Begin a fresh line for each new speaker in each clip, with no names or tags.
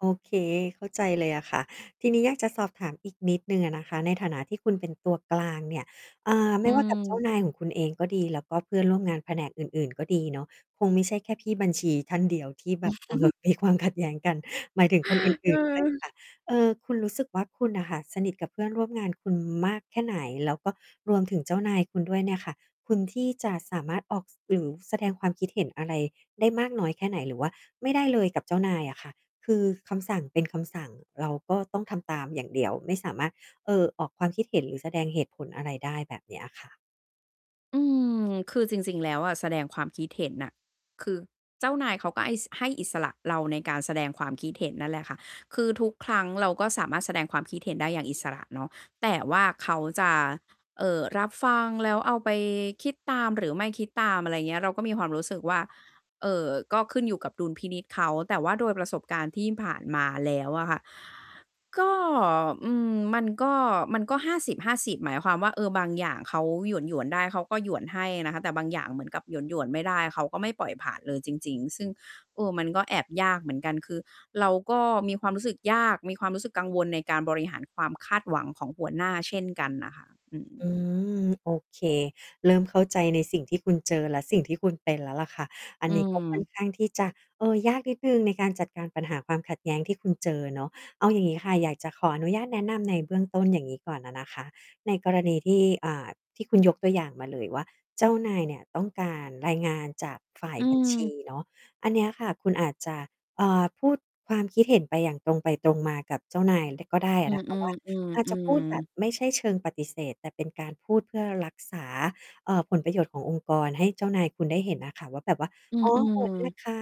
โอเค เข้าใจเลยอะค่ะ ทีนี้อยากจะสอบถามอีกนิดหนึ่งอะนะคะ ในฐานะที่คุณเป็นตัวกลางเนี่ย อ่า ไม
อื
่ว่า กับ เจ้า
ม
นายของคุณเองก็ดี แล้วก็เพื่อนร่วมงานแผนกอื่น ๆ ก็ดีเนาะ คงไม่ใช่แค่พี่บัญชีท่านเดียวที่แ
อ
บ
ื
บ
อ
เอ
ฮ
อ
ึ
มี ความขัดแย้งกัน หมายถึงคน อื่น ๆ ด้วย
เออ
ค่ะ เอ่อ คุณรู้สึกว่า คุณน่ะค่ะสนิทกับเพื่อนร่วมงานคุณมากแค่ไหน? แล้วก็รวมถึงเจ้านายคุณด้วยเนี่ยค่ะ คุณที่จะสามารถออก สื่อ หรือ แสดงความคิดเห็นอะไรได้มากน้อยแค่ไหน? หรือว่าไม่ได้เลยกับเจ้านายอะค่ะ? คือคำสั่งเป็นคำสั่ง เราก็ต้องทำตามอย่างเดียว ไม่สามารถ เอ่อ ออกความคิดเห็น หรือแสดงเหตุผลอะไรได้แบบเนี้ยอะค่ะ
อืม คือจริง ๆ แล้วอะ แสดงความคิดเห็นน่ะ คือ เจ้านายเขาก็ให้ ส ให้อิสระเราในการแสดงความคิดเห็นนั่นแหละค่ะ คือทุกครั้งเราก็สามารถแสดงความคิดเห็นได้อย่างอิสระเนาะ แต่ว่าเขาจะ เอ่อ รับฟัง แล้วเอาไปคิดตาม หรือไม่คิดตาม อะไรอย่างเงี้ย เราก็มีความรู้สึกว่า เอ่อ ก็ขึ้นอยู่กับดุลพินิจเขา แต่ว่าโดยประสบการณ์ที่ผ่านมาแล้วอะค่ะ ก็ อืม มันก็ มันก็ 50:50 หมายความว่า เออ บางอย่างเขาหยวน ๆ ได้ เขาก็หยวนให้นะคะ แต่บางอย่างเหมือนกับหยวน ๆ ไม่ได้ เขาก็ไม่ปล่อยผ่านเลยจริง ๆ ซึ่ง เออ มันก็แอบยากเหมือนกัน คือเราก็มีความรู้สึกยาก มีความรู้สึกกังวลในการบริหารความคาดหวังของหัวหน้าเช่นกันน่ะค่ะ อื
อ
ม
ืม โอเค เริ่มเข้าใจในสิ่งที่คุณเจอ และสิ่งที่คุณเป็นแล้วล่ะค่ะ อั
อ
น
ื
นี้ ก็ ค่อน
ม
ข้างที่จะ เออ ยากนิดหนึ่งในการจัดการปัญหาความขัดแย้งที่คุณเจอเนาะ เอาอย่างงี้ค่ะ อยากจะขออนุญาตแนะนำในเบื้องต้น อย่างงี้ ก่อนอะนะคะ ในกรณีที่ อ่า ที่คุณยกตัวอย่างมาเลยว่า เจ้านายเนี่ยต้องการรายงานจากฝ่าย
อื
บัญชี
ม
เนาะ อันเนี้ยค่ะ คุณอาจจะ อ่า พูดความคิดเห็นไปอย่างตรงไปตรงมากับเจ้านายเลยก็ได้อ
อื
ะ น
อ
ะคะว่า อาจจะพูดแบ
ๆ
บ
ๆ ๆ
ไม่ใช่เชิงปฏิเสธ แต่เป็นการพูดเพื่อรักษา เอ่อ ผลประโยชน์ขององค์กรให้เจ้านายคุณได้เห็นอะค่ะว่า แบบว่า
อื
อ๋อ โหว
อ
ตด้วย
ๆ
ค่ะ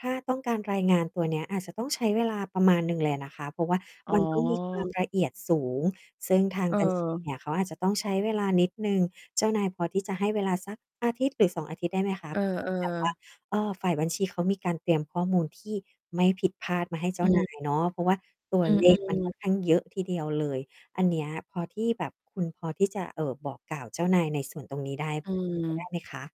ถ้าต้องการรายงานตัวเนี้ยอาจจะต้องใช้เวลาประมาณหนึ่งเลยอะนะคะ เพราะว่า
อ๋
ม
อ
ัน ต้อง มีความละเอียดสูง ซึ่งทาง บัญชี เ
เออ
นี่ย เขาอาจจะต้องใช้เวลานิดหนึ่ง เจ้านายพอที่จะให้เวลาสัก 1-2 อาทิตย์ ได้ไหมคะ
เออ
ที่แบบว่า
ๆ
ฝ่ายบัญชีเขามีการเตรียมข้อมูลที่ไม่ผิดพลาดมาให้ เจ้
อ
า นา
ืม
ยเนาะ เพราะว่าตัว
อือ
เล
อื
ขมันค
อ
่อนข้าง เยอะทีเดียวเลย อันเนี้ยพอที่แบบคุณพอที่จะ เอ่อ บอกกล่าวเจ้านายในส่วนตรงนี้ได้
อื
พอเป็นไปได้
ม
ไหมคะ?